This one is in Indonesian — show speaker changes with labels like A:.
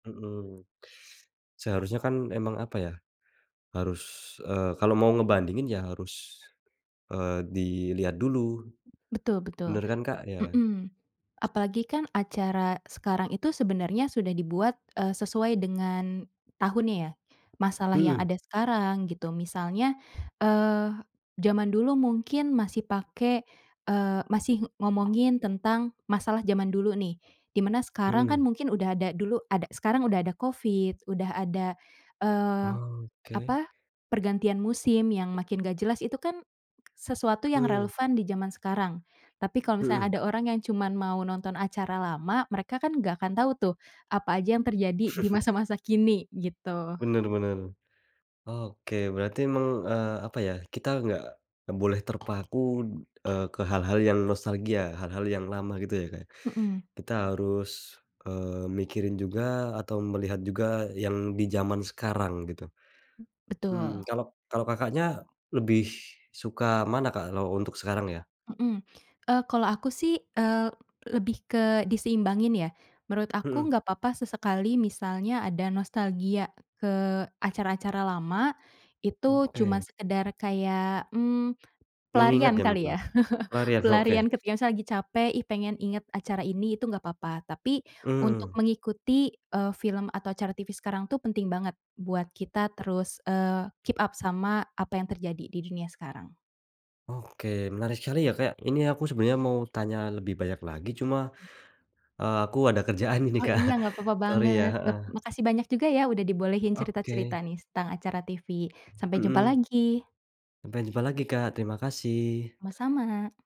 A: Mmm, seharusnya, kan, emang apa ya, harus, eee, kalau mau ngebandingin ya harus, eee, dilihat dulu,
B: M betul betul,
A: benar kan, Kak ya?
B: mmm. Apalagi, kan, acara sekarang itu sebenarnya sudah dibuat, eee, sesuai dengan tahunnya ya. Masalah yang
A: Mmm.
B: ada sekarang gitu. Misalnya, eee, jaman dulu mungkin masih pake, eee, masih ngomongin tentang masalah jaman dulu, nih. Di mana sekarang, kan,
A: Mmm.
B: mungkin udah ada dulu ada sekarang udah ada COVID, udah ada, eee,
A: Oke.
B: apa pergantian musim yang makin nggak jelas, itu kan, sesuatu yang
A: Mmm.
B: relevan di jaman sekarang. Tapi kalau misalnya
A: Mmm.
B: ada orang yang cuman mau nonton acara lama, mereka kan, gak akan tau tuh, apa aja yang terjadi di masa-masa kini gitu.
A: Benar benar. Oke berarti mang, eee, apa ya kita gak gak boleh terpaku, eee, ke hal-hal yang nostalgia, hal-hal yang lama gitu ya, Kak, ya.
B: Mmm.
A: Kita harus, eee, mikirin juga atau melihat juga yang di jaman sekarang gitu.
B: Mmm, betul.
A: Mmm, kalau kalau Kakaknya lebih suka mana, kalau untuk sekarang ya?
B: Mmm, eee, kalau aku, sih, eee, lebih ke diseimbangin ya. Menurut aku
A: Mhm.
B: nggak papa sesekali misalnya ada nostalgia ke acara-acara lama, itu cuma
A: Oke.
B: sekedar kayak, mmm,
A: Mengingat
B: pelarian
A: ya
B: kali ya.
A: mungkin? Pelarian, oke.
B: Pelarian ke biasa lagi capek, "Ih, pengin ingat acara ini." Itu gak papa. Tapi untuk
A: Mmm.
B: mengikuti, eee, film atau acara TV sekarang, tuh, penting banget buat kita terus, eee, keep up sama apa yang terjadi di dunia sekarang.
A: Oke, menarik sekali ya, Kak, ya. Ini aku sebenarnya mau tanya lebih banyak lagi, cuma, eee, aku ada kerjaan ini,
B: Oh,
A: Kak,
B: iya gak papa
A: sori ya
B: banget. Ngep
A: heeh.
B: makasih banyak juga ya udah dibolehin cerita-cerita,
A: Oke.
B: nih, setang acara TV. Sampai jumpa
A: Mmm.
B: lagi.
A: Sampai jumpa lagi, Kak, terima kasih.
B: Sama-sama.